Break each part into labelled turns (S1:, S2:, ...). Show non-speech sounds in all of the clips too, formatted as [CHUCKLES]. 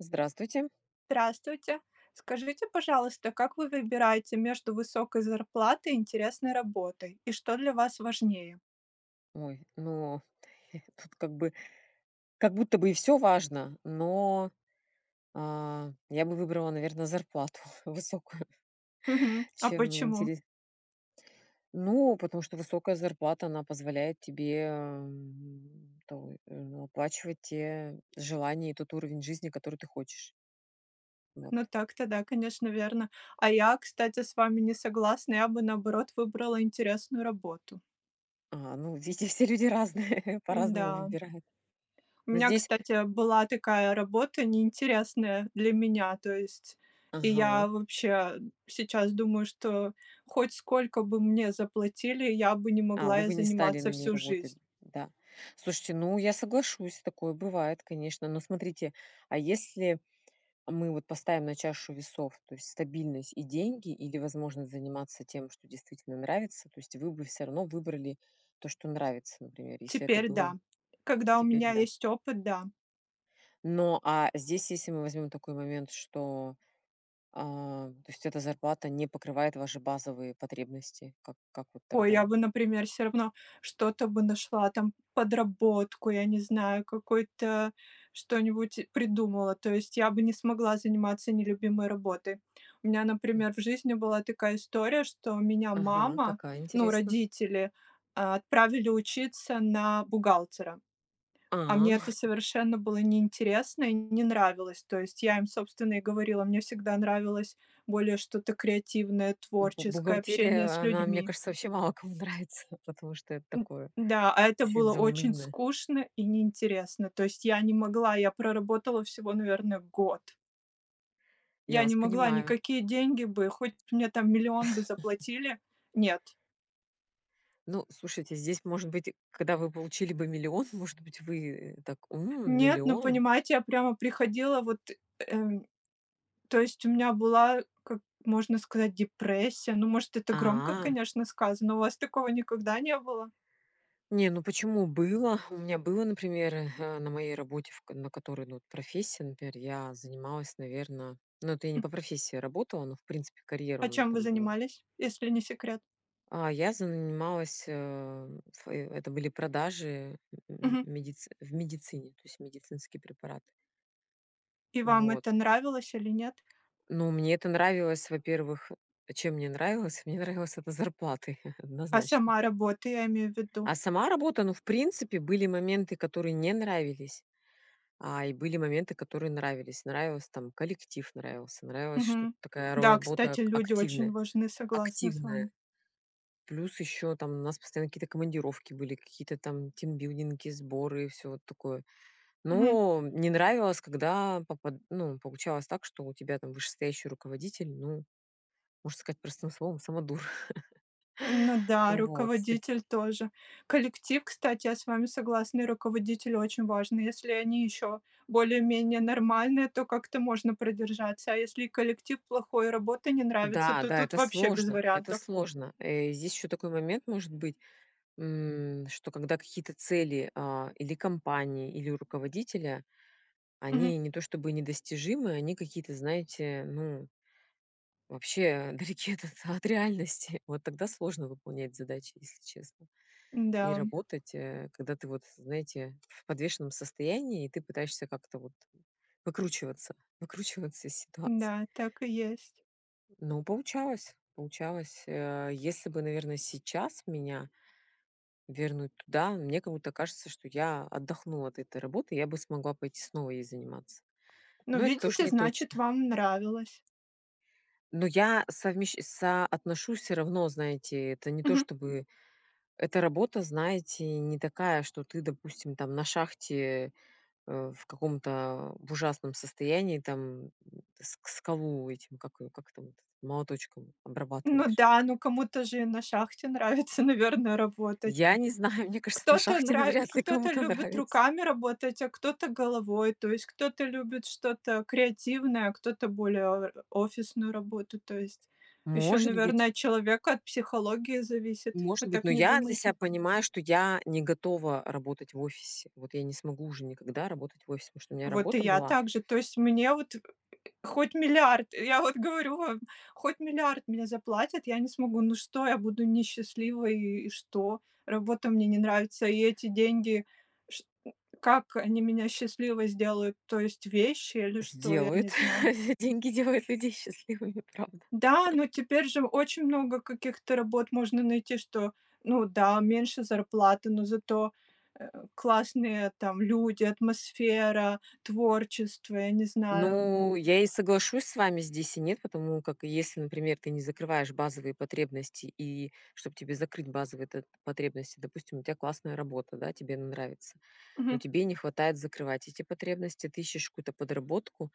S1: Здравствуйте.
S2: Здравствуйте. Скажите, пожалуйста, как вы выбираете между высокой зарплатой и интересной работой, и что для вас важнее?
S1: Ой, ну, [CHUCKLES] тут как бы как будто бы и всё важно, но, а, я бы выбрала, наверно, зарплату высокую,
S2: Мгм. А
S1: чем
S2: почему?
S1: интере Ну, потому что высокая зарплата, она позволяет тебе, ам, то в ну, оплачивать те желания и тот уровень жизни, который ты хочешь. Вот.
S2: Ну так-то да, конечно, верно. А я, кстати, с вами не согласна: я бы, наоборот, выбрала интересную работу.
S1: А, ну, везде все люди разные, по-разному
S2: Да.
S1: выбирают.
S2: У
S1: Но
S2: меня,
S1: здесь
S2: кстати, была такая работа неинтересная для меня, то есть. И я
S1: Ага.
S2: вообще сейчас думаю, что хоть сколько бы мне заплатили, я бы не
S1: А,
S2: могла
S1: вы
S2: ей
S1: бы не стали на
S2: заниматься
S1: ней
S2: всю
S1: работать.
S2: жизнь.
S1: Да. Слушайте, ну я соглашусь, такое бывает, конечно, но смотрите, а если мы вот поставим на чашу весов, то есть стабильность и деньги или возможность заниматься тем, что действительно нравится, то есть вы бы всё равно выбрали то, что нравится, например, если это
S2: Теперь
S1: было.
S2: да. Когда у
S1: Теперь,
S2: меня
S1: да.
S2: есть опыт, да.
S1: Но, а здесь, если мы возьмем такой момент, что, а то есть эта зарплата не покрывает ваши базовые потребности, как как вот
S2: О,
S1: тогда
S2: я бы,
S1: вот?
S2: например, всё равно что-то бы нашла там, подработку, я не знаю, какой-то что-нибудь придумала, то есть я бы не смогла заниматься нелюбимой работой. У меня,
S1: М.
S2: например, в жизни была такая история, что меня
S1: Ага.
S2: мама,
S1: Какая
S2: ну,
S1: интересно?
S2: родители отправили учиться на бухгалтера, а
S1: А.
S2: мне это
S1: [CHUCKLES]
S2: совершенно было неинтересно и не нравилось. То есть я им, собственно, и говорила, мне всегда нравилось более что-то креативное,
S1: Бу
S2: творческое, общение
S1: бухгалтерия,
S2: с
S1: она, мне
S2: людьми.
S1: кажется, вообще мало кому нравится, потому что это
S2: М.
S1: такое-
S2: Да, а это
S1: чуть-чуть
S2: было очень
S1: заунывное.
S2: скучно и неинтересно, то есть я не могла, я проработала всего, наверное, год.
S1: Я
S2: Я не
S1: вас
S2: могла.
S1: понимаю.
S2: Никакие деньги бы- хоть мне там 1 000 000 бы
S1: [CHUCKLES]
S2: заплатили- нет.
S1: Ну, слушайте, здесь, может быть, когда вы получили бы 1 000 000, может быть вы, э, так: "М,
S2: Нет, ну
S1: 1 000 000!"
S2: понимаете, я прямо приходила вот, эм то есть у меня была, как можно сказать, депрессия, ну, может, это громко,
S1: А.
S2: конечно, сказано. У вас такого никогда не было?
S1: Не, ну почему было. У меня было, например, э, на моей работе, в на которой, ну вот, профессия, например, я занималась, наверно ну это я не
S2: М.
S1: по профессии работала, но в принципе карьера у
S2: А
S1: меня
S2: чем вы
S1: там была.
S2: занимались, если не секрет?
S1: А, я занималась, э, в э это были продажи, м, в
S2: Мгм.
S1: медиц в медицине, то есть медицинские препараты.
S2: И вам
S1: Вот.
S2: это нравилось или нет?
S1: Но мне это нравилось, во-первых чем мне нравилось? Мне нравилось это зарплатой, [CHUCKLES]
S2: А
S1: однозначно.
S2: сама работа, я имею в виду?
S1: А сама работа ну, в принципе, были моменты, которые не нравились, а, и были моменты, которые нравились. Нравилось там: коллектив, нравился, нравилось, что т
S2: Мгм.
S1: такая ро
S2: Да,
S1: работа
S2: кстати,
S1: ак
S2: люди очень
S1: активная,
S2: важны, согласна с
S1: активная.
S2: вами.
S1: Плюс еще там у нас постоянно какие-то командировки были, какие-то там тимбилдинги, сборы и всё вот такое.
S2: Мгм.
S1: Ну, не нравилось, когда попад ну, получалось так, что у тебя там вышестоящий руководитель- ну, можно сказать простым словом, самодур.
S2: Ну
S1: [CHUCKLES]
S2: да,
S1: Вот. С таки
S2: руководитель тоже. Коллектив, кстати, я с вами согласна, и руководитель очень важны. Если они еще более-менее нормальные, то как-то можно продержаться, а если и коллектив плохой, и работа не нравится,
S1: Да,
S2: то
S1: да,
S2: тут
S1: это
S2: вообще без
S1: сложно, это
S2: вариантов.
S1: сложно. Э, здесь еще такой момент может быть, м, что когда какие-то цели, а, или компании, или руководителя,
S2: Мгм.
S1: они не то чтобы недостижимы, они какие-то, знаете, ну вообще, а, далеки от от реальности. Вот тогда сложно выполнять задачи, если честно.
S2: Н-да.
S1: И работать, э, когда ты вот, знаете, в подвешенном состоянии и ты пытаешься как-то вот выкручиваться, выкручиваться из ситуации.
S2: Да, так и есть.
S1: Ну, получалось, получалось. Э, если бы, наверно, сейчас меня вернуть туда, мне как будто кажется, что я отдохнула от этой работы. Я бы смогла пойти снова ей заниматься.
S2: Ну
S1: Но это тож
S2: видите
S1: не
S2: значит
S1: точно.
S2: вам нравилось.
S1: Но я совмещ соотношу всё равно, знаете, это не то,
S2: Мгм.
S1: чтобы эта работа, знаете, не такая, что ты, допустим, там на шахте, э, в каком-то, в ужасном состоянии там, м, с скалу этим, как его, как там вот, молоточком
S2: Ну
S1: обрабатываешь.
S2: да, ну кому-то же и на шахте нравится, наверное, работать.
S1: Я не знаю, мне кажется, на
S2: Кто-то
S1: шахте
S2: нра
S1: навряд ли
S2: кто-то
S1: кому-то
S2: любит
S1: нравится.
S2: руками работать, а кто-то головой, то есть кто-то любит что-то креативное, а кто-то более о офисную работу, то есть. Еще,
S1: Может быть.
S2: наверно, от человека, от психологии зависит,
S1: Может
S2: вы
S1: быть, но
S2: так не
S1: я для себя
S2: думаете?
S1: понимаю, что я не готова работать в офисе. Вот я не смогу уже никогда работать в офисе, потому что у меня
S2: Вот и
S1: работа
S2: я
S1: была
S2: также. То есть мне вот хоть 1 000 000 000, я вот говорю вам, хоть 1 000 000 000 мне заплатят- я не смогу. Ну что я буду несчастливой, и, и что? Работа мне не нравится, и эти деньги, шт э, как они меня счастливой сделают? То есть вещи или что, я
S1: Сделает,
S2: не знаю.
S1: деньги делают людей счастливыми, правда.
S2: Да, но теперь же очень много каких-то работ можно найти, что ну да, меньше зарплата, но зато, э, классные там люди, атмосфера, творчество, я не знаю.
S1: Ну, я и соглашусь с вами здесь, и нет. Потому как, если, например, ты не закрываешь базовые потребности, и чтоб тебе закрыть базовые т потребности допустим, у тя классная работа, да, тебе она нравится, но
S2: Мгм.
S1: тебе не хватает закрывать эти потребности, ты ищешь какую-то подработку,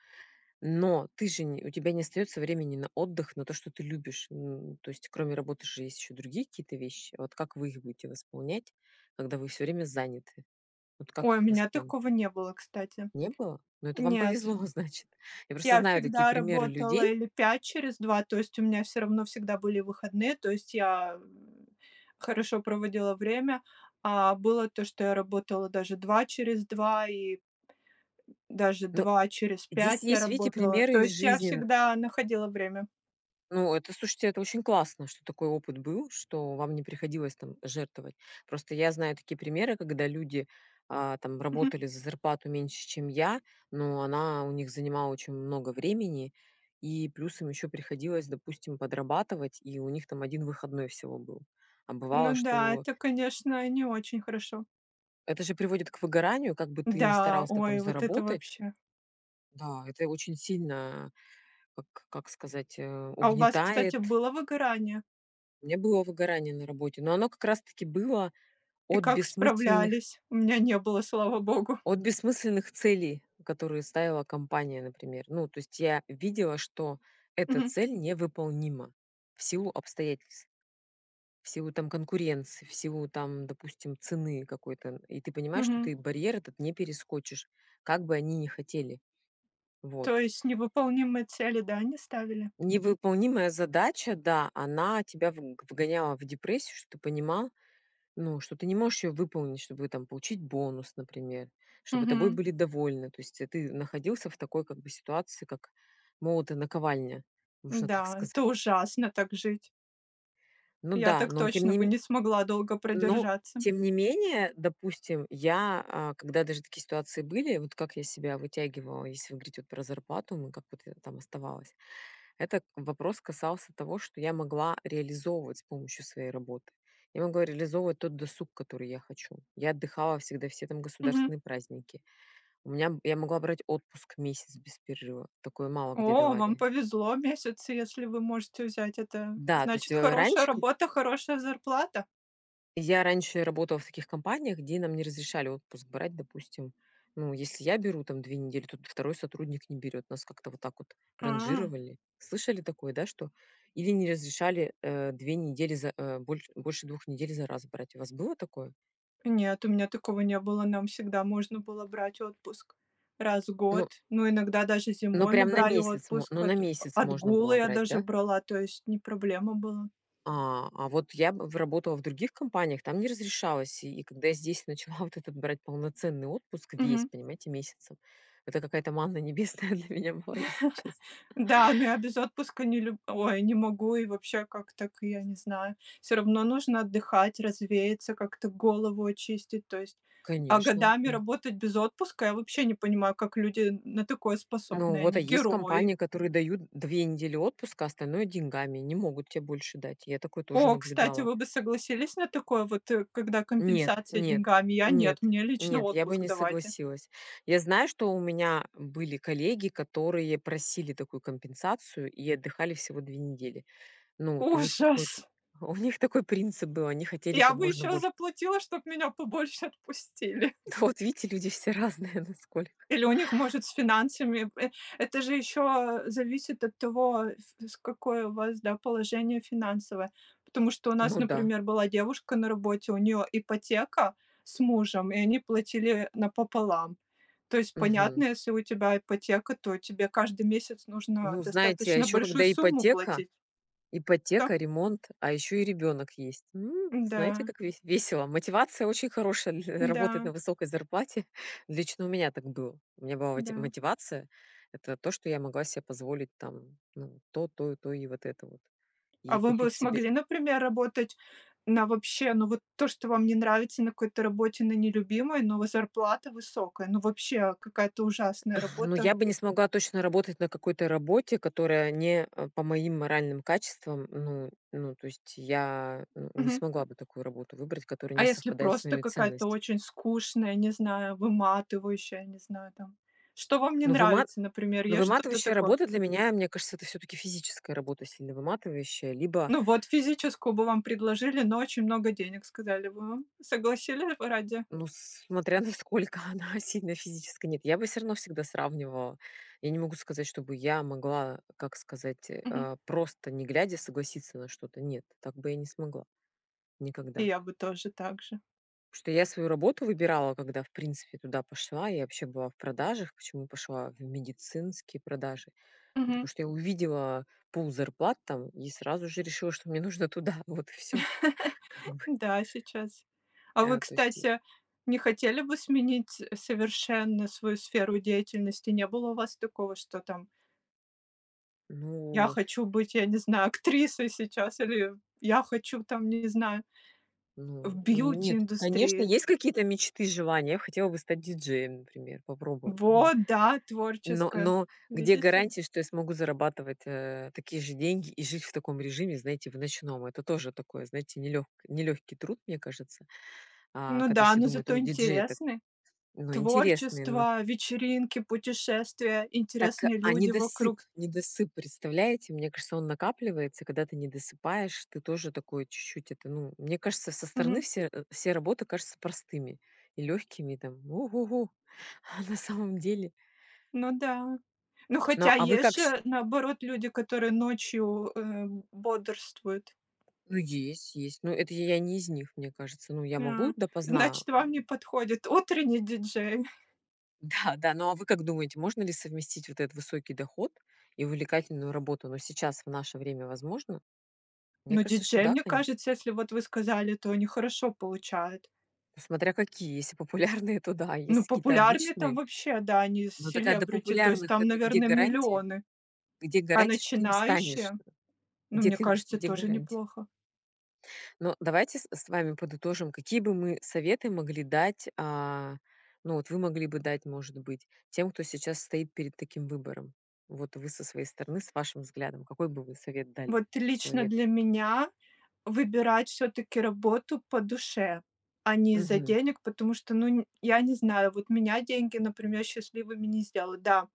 S1: но ты же не у тебя не остается времени на отдых, на то, что ты любишь. Н то есть, кроме работы, же есть еще другие какие-то вещи. Вот как вы их будете восполнять, когда вы всё время заняты? Вот как
S2: Ой, у
S1: их
S2: меня
S1: восполнить?
S2: такого не было, кстати.
S1: Не было? Ну это вам
S2: Нет.
S1: повезло, значит. Я просто
S2: Я
S1: знаю такие
S2: всегда
S1: примеры
S2: работала
S1: людей
S2: или 5 через 2, то есть у меня всё равно всегда были выходные, то есть я, м, хорошо проводила время, а было то, что я работала даже 2 через 2, и эм, даже
S1: Ну.
S2: 2 через
S1: Здесь
S2: 5 я
S1: есть, видите,
S2: работала.
S1: примеры
S2: То
S1: из
S2: есть я
S1: жизни н
S2: всегда находила время.
S1: Ну это, слушайте, это очень классно, что такой опыт был, что вам не приходилось там жертвовать. Просто я знаю такие примеры, когда люди, а, там
S2: Мгм.
S1: работали за зарплату меньше чем я, но она у них занимала очень много времени и, плюс, им еще приходилось, допустим, подрабатывать, и у них там 1 выходной всего был. А бывало,
S2: Ну да,
S1: что
S2: это, конечно, не очень хорошо.
S1: Это же приводит к выгоранию, как бы ты не
S2: Да,
S1: старался там
S2: ой. Вот это
S1: заработать.
S2: вообще.
S1: Да, это очень сильно, а, как как сказать, э,
S2: А у вас, кстати,
S1: угнетает.
S2: было выгорание?
S1: Не было выгорания на работе. Но оно как раз таки было
S2: И
S1: от
S2: как
S1: бессмысленных
S2: справлялись? У меня не было, слава богу.
S1: от бессмысленных целей, которые ставила компания, например. Ну, то есть я видела, что эта
S2: Мгм.
S1: цель невыполнима в силу обстоятельств, в силу там конкуренции, в силу там, допустим, цены какой-то. И ты понимаешь, что
S2: Мгм.
S1: ты барьер этот не перескочишь, как бы они не хотели. Вот.
S2: То есть невыполнимые цели, да, они ставили?
S1: Невыполнимая задача, да, она тебя вг вгоняла в депрессию, что ты понимал, ну, что ты не можешь её выполнить, чтобы там получить бонус, например, чтобы тобой
S2: Мгм.
S1: были довольны. То есть, э, ты находился в такой, как бы, ситуации, как молот и наковальня, можно так
S2: Да, это
S1: сказать.
S2: ужасно- так жить.
S1: Ну
S2: Я
S1: да,
S2: так
S1: но тем
S2: точно
S1: не
S2: бы
S1: ме
S2: не смогла долго
S1: ну,
S2: продержаться.
S1: тем не менее, допустим, я, а, когда даже такие ситуации были, вот как я себя вытягивала, если вы говорите, вот, про зарплату мою, как вот я там оставалась. Этот вопрос касался того, что я могла реализовывать с помощью своей работы. Я могла реализовывать тот досуг, который я хочу. Я отдыхала всегда все, там,
S2: Мгм.
S1: государственные праздники. У меня б я могла брать отпуск месяц без перерыва- такое мало где
S2: О, вам
S1: давали.
S2: повезло! Месяц. Если вы можете взять это,
S1: Да, то есть,
S2: значит-
S1: э,
S2: хорошая
S1: раньше к
S2: работа, хорошая зарплата.
S1: я раньше работала в таких компаниях, где нам не разрешали отпуск брать, допустим, ну, если я беру, там, 2 недели, т то 2 сотрудник не берет. Нас как-то вот так вот
S2: А.
S1: ранжировали. Слышали такое, да, что? Или не разрешали, э, 2 недели за, э, боль больше 2 недель за раз брать. У вас было такое?
S2: Нет, у меня такого не было, нам всегда можно было брать отпуск раз в год,
S1: Ну
S2: но иногда даже
S1: ну
S2: зимой мы
S1: прям на
S2: брали
S1: месяц мо ну
S2: отпуск,
S1: на
S2: от
S1: месяц можно было
S2: отгулы я
S1: брать,
S2: даже
S1: да?
S2: брала, то есть не проблема была.
S1: А, а вот я б в работала в других компаниях, там не разрешалось. И когда я здесь начала вот это- брать полноценный отпуск весь,
S2: Мгм.
S1: понимаете, месяцем- это какая то манна небесная для меня была, если честно.
S2: [CHUCKLES] Да, но я без отпуска не люб ой, не могу, и вообще, как так, я не знаю. Всё равно нужно отдыхать, развеяться, как-то голову очистить, то есть. А
S1: Конечно,
S2: годами
S1: м.
S2: работать без отпуска, я вообще не понимаю, как люди н на такое
S1: Ну
S2: способны,
S1: вот, а
S2: они-
S1: есть
S2: герои.
S1: компании, которые дают 2 недели отпуска, остальное- деньгами, не могут те больше дать. Я такое тоже
S2: О, кстати,
S1: наблюдала.
S2: вы бы согласились на такое вот, э, когда
S1: Нет,
S2: компенсация
S1: нет,
S2: деньгами? Я- нет,
S1: нет,
S2: мне лично
S1: нет, я бы
S2: отпуск
S1: не
S2: давайте.
S1: согласилась. Я знаю, что у меня были коллеги, которые просили такую компенсацию и отдыхали всего 2 недели. Ну вот. У них какой-то
S2: Ужас!
S1: у них такой принцип был: они хотели, как
S2: Я бы
S1: можно
S2: еще
S1: больше.
S2: заплатила, чтоб меня побольше отпустили.
S1: Да, вот видите, люди все разные насколько.
S2: Или у них, может, с финансами в э это же еще, э, зависит от того, вс в какое у вас, да, положение финансовое. Потому что у нас,
S1: Ну да.
S2: например, была девушка на работе, у нее ипотека с мужем, и они платили, э, напополам. То есть
S1: Мгм.
S2: понятно, если у тебя ипотека, то тебе каждый месяц нужно
S1: Ну, знаете, а
S2: достаточно
S1: ещё
S2: большую
S1: когда
S2: сумму
S1: ипотека,
S2: платить. Да.
S1: ипотека, ремонт, а ещё и ребёнок есть. М, знаете,
S2: Да.
S1: как вес весело. Мотивация очень хорошая на работать на
S2: Да.
S1: высокой зарплате. Лично у меня так было. У меня была мо
S2: Да.
S1: мотивация- это то, что я могла се позволить там, ну, то, то и то, и вот это вот,
S2: А
S1: и
S2: вы бы
S1: купить себе
S2: смогли, например, работать на вообще, ну вот то, что вам не нравится на какой-то работе на нелюбимой, но вот зарплата высокая? Ну вообще какая-то ужасная
S1: Ну
S2: работа.
S1: я бы не смогла точно работать на какой-то работе, которая не, а, по моим моральным качествам. Ну, ну, то есть я, э, не
S2: Мгм.
S1: смогла бы такую работу выбрать, которая
S2: А
S1: не
S2: если
S1: совпадает с
S2: просто
S1: моими
S2: какая-то
S1: ценность.
S2: очень скучная, не знаю, выматывающая, не знаю, там. Что вам не
S1: Ну выма
S2: нравится, например,
S1: ну
S2: есть что-то
S1: выматывающая
S2: такое?
S1: работа для меня, мне кажется- это всё-таки физическая работа сильно выматывающая, либо
S2: Ну вот, физическую бы вам предложили, но очень много денег сказали бы вам, согласились бы ради?
S1: Ну смотря насколько она сильно физическая. Нет, я бы всё равно всегда сравнивала, я не могу сказать, чтобы я могла, как сказать, э,
S2: Мгм.
S1: а, просто, не глядя, согласиться на что-то. Нет, так бы я не смогла.
S2: И
S1: Никогда.
S2: я бы тоже так же.
S1: Потому что я свою работу выбирала, когда в принципе туда пошла, я вообще была в продажах. Почему пошла в медицинские продажи? Ну потому
S2: Мгм.
S1: что я увидела пул зарплат там и сразу же решила, что мне нужно туда. Вот и всё, как
S2: [CHUCKLES]
S1: бы.
S2: Да, сейчас. А вы,
S1: А, то есть и
S2: кстати, не хотели бы сменить, э, совершенно свою сферу деятельности? Не было у вас такого, что там я
S1: Ну.
S2: хочу быть, я не знаю, актрисой сейчас или я хочу, там, я не знаю
S1: Ну,
S2: в
S1: нет, конечно,
S2: бьюти-индустрии.
S1: есть какие-то мечты, желания. Я хотела бы стать диджеем, например, попробовать, ну.
S2: Вот да,
S1: Но,
S2: творческое!
S1: но где
S2: Видите?
S1: гарантия, что я смогу зарабатывать, э, такие же деньги и жить в таком режиме, знаете, в ночном. Это тоже такое, знаете, нелегк нелегкий труд, мне кажется, а,
S2: Ну
S1: когда
S2: да,
S1: все
S2: но
S1: думают: "О,
S2: зато
S1: диджей это"
S2: интересный.
S1: Ну, интересный, но.
S2: Творчество, вечеринки, путешествия,
S1: Так,
S2: интересные
S1: а
S2: люди
S1: недосып,
S2: вокруг.
S1: недосып, представляете, мне кажется, он накапливается, когда ты недосыпаешь, ты тоже такой чуть-чуть, это, ну мне кажется, со стороны
S2: Мгм.
S1: все э, все работы кажутся простыми и легкими, там "У-гу-гу!" А на самом деле.
S2: Ну да. Ну
S1: Ну,
S2: хотя
S1: а вы
S2: есть
S1: как щ
S2: же, наоборот, люди, которые ночью, эм, бодрствуют.
S1: Ну есть, есть. Но это я не из них, мне кажется. Ну я могу
S2: А.
S1: допоздна,
S2: Значит
S1: эм.
S2: вам не подходит утренний диджей. [CHUCKLES]
S1: Да, да. Ну, а вы как думаете, можно ли совместить вот этот высокий доход и увлекательную работу? Но сейчас, в наше время возможно? Мне
S2: Ну
S1: кажется, что,
S2: диджей,
S1: да,
S2: мне
S1: конечно.
S2: кажется, если вот вы сказали, то они хорошо получают.
S1: Смотря какие, если популярные, [CHUCKLES] то да, а
S2: Ну,
S1: если какие-то
S2: популярные там-
S1: обычные
S2: вообще, да, они с
S1: Но такая до
S2: селебрити, то есть
S1: популярных,
S2: там,
S1: это где
S2: наверно,
S1: гарантия?
S2: миллионы.
S1: Где
S2: А
S1: гарантия, что ты им станешь?
S2: начинающие, ну,
S1: Где
S2: мне
S1: ты в чт
S2: кажется,
S1: где
S2: тоже
S1: гарантия?
S2: неплохо.
S1: Но давайте с с вами подытожим: какие бы мы советы могли дать? А, ну вот вы могли бы дать, может быть, тем, кто сейчас стоит перед таким выбором. Вот вы со своей стороны, с вашим взглядом, какой бы вы совет дали
S2: Вот лично
S1: человеку?
S2: для меня- выбирать всё-таки работу по душе, а не из-за
S1: Мгм.
S2: денег, потому что, ну н я не знаю, вот меня деньги, например, счастливыми не сделают. Да,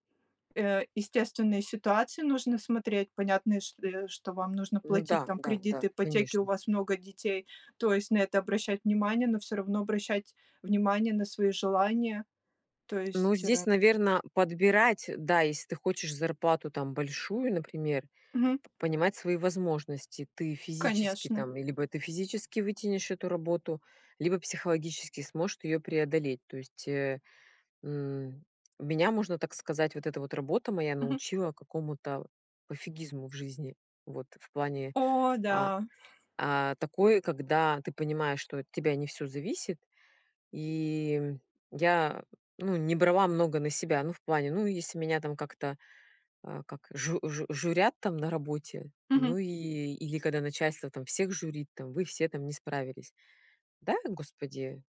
S2: э, естественные ситуации нужно смотреть, понятные, чт э, что вам нужно
S1: Ну
S2: платить
S1: да,
S2: там
S1: да, да,
S2: кредиты, ипотеки, у
S1: конечно.
S2: вас много детей, то есть на это обращать внимание. Но всё равно обращать внимание на свои желания, то
S1: Ну
S2: есть,
S1: здесь,
S2: э.
S1: наверно, подбирать, да, если ты хочешь зарплату там большую, например,
S2: Мгм.
S1: п понимать свои возможности. Ты физически
S2: Конечно.
S1: там, либо ты физически вытянешь эту работу, либо психологически сможешь ты ее преодолеть. То есть, э, м, меня, можно так сказать, вот эта вот работа моя
S2: Мгм.
S1: научила какому-то пофигизму в жизни. Вот в плане,
S2: О
S1: а,
S2: да!
S1: а, такой, когда ты понимаешь, что от тебя не всё зависит, и, м, я ну не брала много на себя. Ну в плане, ну если меня там как-то, а, как жу жу журят, там, на работе, ну
S2: Мгм.
S1: и или когда начальство, там, всех журит, там: "Вы все там не справились". Да, господи.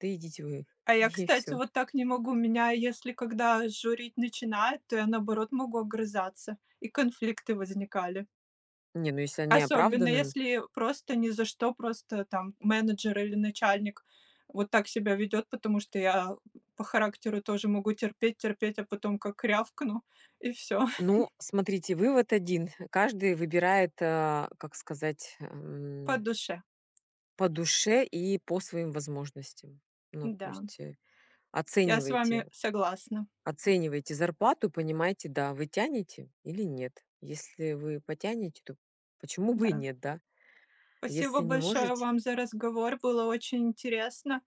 S1: Да идите вы,
S2: А я,
S1: и
S2: кстати,
S1: всё.
S2: вот так не могу, меня, если когда журить начинают, то я, наоборот, могу огрызаться, и конфликты возникали.
S1: Не, ну если они
S2: Особенно,
S1: оправданы н
S2: если просто ни за что, просто там менеджер или начальник вот так себя ведёт. Потому что я, м, по характеру тоже могу терпеть, терпеть, а потом как рявкну, и- всё.
S1: Ну,
S2: [CHUCKLES]
S1: смотрите, вывод 1: каждый выбирает, а, как сказать,
S2: По
S1: м
S2: душе.
S1: по душе и по своим возможностям. Ну, то
S2: Да.
S1: есть, э,
S2: Я с вами
S1: оценивайте,
S2: согласна.
S1: оценивайте зарплату, понимайте: да, вы тянете или нет. Если вы потянете, то почему бы и
S2: Да.
S1: нет, да.
S2: Спасибо
S1: Если не
S2: большое
S1: можете
S2: вам за разговор, было очень интересно.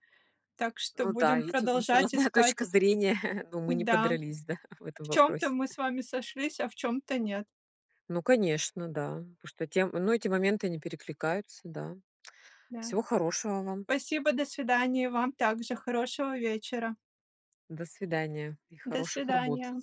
S2: Так что
S1: Ну да,
S2: будем
S1: видите, у нас
S2: продолжать
S1: разная точка
S2: искать.
S1: зрения, но мы не
S2: Да.
S1: подрались, да, в этом
S2: В чём-то
S1: вопросе.
S2: мы с вами сошлись, а в чём-то нет.
S1: Ну, конечно, да. Потому что тем ну эти моменты, они перекликаются, да.
S2: Да.
S1: Всего хорошего вам.
S2: Спасибо, до свидания. Вам также хорошего вечера.
S1: До свидания. И
S2: До
S1: хороших работ.
S2: свидания.